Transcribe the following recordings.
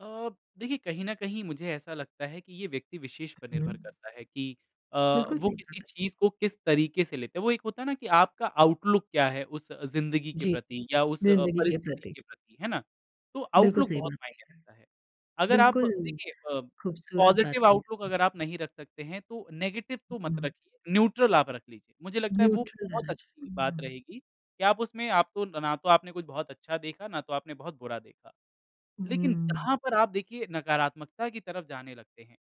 अ, देखिए कहीं न कहीं मुझे ऐसा लगता है कि ये व्यक्ति विशेष पर निर्भर हुँ। करता है कि अ, बिल्कुल, वो सही किसी बात है। चीज़ को किस तरीके से लेते हैं। वो एक होता है ना कि आपका आउटलुक क्या है उस ज़िंदगी के जी। प्रति या उस अ, ज़िंदगी के परिस्थिति प्रति। के प्रति है ना? तो बिल्कुल, आउटलुक सही बहुत बात मायने करता है। [unintelligible] अगर आप बिल्कुल, देखिए अ, ख़ूबसूरत बात पॉज़िटिव कही आउटलुक आपने। अगर आप नहीं रख सकते हैं तो नेगेटिव तो मत [unintelligible] रखिए। न्यूट्रल आप रख लीजिए। मुझे लगता है वो न्यूट्रल बहुत रहना चा अच्छी बात उहुँ। रहेगी कि आप उसमें आप तो ना तो आपने कुछ बहुत अच्छा देखा ना तो आपने बहुत बुरा देखा। उ, लेक़िन हुँ। जहाँ पर आप देखिए नकारात्मकता की तरफ़ जाने लगते हैं।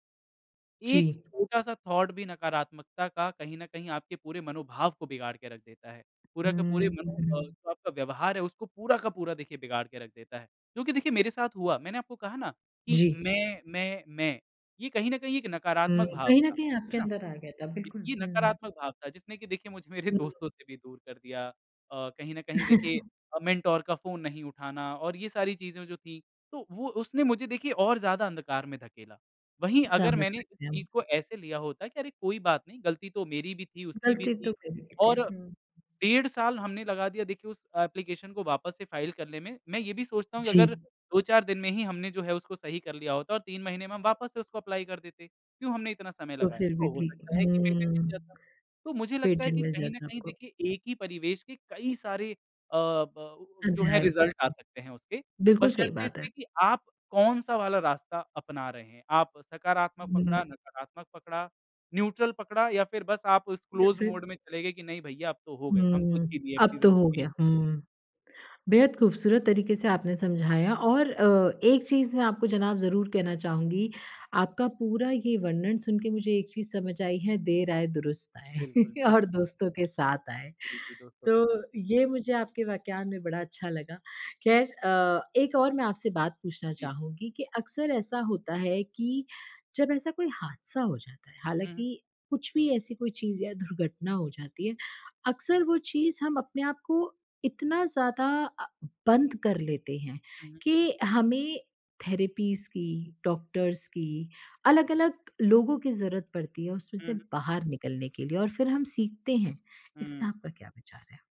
एक जी। छोटा-सा थॉट भी नकारात्मकता का कहीं न कहीं आपके पूरे मनोभाव को बिगाड़ के रख देता है। पूरा का पूरे हुँ, उ, मनो अ, हुँ। जो आपका व्यवहार है उसको पूरा का पूरा देखिए बिगाड़ के रख देता है। क्योंकि देखिए मेरे साथ हुआ मैंने आपको कहा ना कि जी। मैं मैं मैं ये कहीं न कहीं एक हुँ, नकारात्मक भाव कहीं न था, कहीं है आपके ना? अंदर आ गया था ये बिल्कुल। ये हुँ। नकारात्मक भाव था जिसने की देखिए मुझे मेरे हुँ। दोस्तों से भी दूर कर दिया। अ, कहीं न कहीं देखिए अ, मेंटर का फ़ोन नहीं उठाना और ये सारी चीज़ें जो थी तो वो उसने मुझे देखिए और ज़्यादा अंधकार में धकेला। वहीं अगर समझ मैंने इस सकते हम। चीज़ को ऐसे लिया होता कि अरे कोई बात नहीं ग़लती तो मेरी भी थी, उसकी भी ग़लती तो थी मेरी भी थी। और हुँ। डेढ़ साल हमने लगा दिया देखिए उस एप्लीकेशन को वापस से फाइल करने में। मैं ये भी सोचता हूँ कि जी। अगर 2-4 दिन में ही हमने जो है उसको सही कर लिया होता और 3 महीने में हम वापस से उसको एप्लाई कर देते। क्यों हमने इतना समय तो लगाया? फ़िर भी तो हो ठीक, सकता है कि पेटेंट मिल हुँ। जाता। तो मुझे लगता है पेटेंट कि मिल कहीं न जाता कहीं आपको। देखिए एक ही परिवेश के कई सारे अ, ब उ जो है अध्याय हो रिज़ल्ट आ सकते। सकते हैं उसके बिल्कुल, बस सही शर्त बात है। इसके कि आप कौन-सा वाला रास्ता अपना रहे हैं। आप सकारात्मक हुँ। पकड़ा, नकारात्मक पकड़ा, न्यूट्रल पकड़ा या फ़िर बस आप उस क्लोज़ जैसे। मोड में चले गए कि नहीं भैया अब तो हो गई। हम ख़ुद की हुँ, भी ऐप कि अब तो हो ज़िंदगी। गया हुँ। बेहद ख़ूबसूरत तरीक़े से आपने समझाया और अ, एक चीज़ मैं आपको जनाब ज़रूर कहना चाहूँगी आपका पूरा ये वर्णन सुनके मुझे एक चीज़ समझ आई है देर आये दुरुस्त बिल्कुल, आए और बिल्कुल। दोस्तों के साथ आए। जी, जी। दोस्तों के साथ। तो ये मुझे आपके वाक्यान में बड़ा अच्छा लगा। ख़ैर अ, एक और मैं आपसे बात पूछना जी। चाहूँगी कि अक्सर ऐसा होता है कि जब ऐसा कोई हादसा हो जाता है। हुँ, हुँ। हालाँकि कुछ भी ऐसी कोई चीज़ या दुर्घटना हो जाती है। अक्सर वो चीज़ हम अपने आप को इतना अ, ज़्यादा बंद कर लेते हैं उ, हुँ। कि हमें थेरेपीज़ की, डॉक्टर्स की अलग-अलग लोगों की ज़रूरत पड़ती है उसमें उ, से हुँ। बाहर निकलने के लिए और फ़िर हम सीखते हैं। हुँ। इसमें आपका क्या विचार है?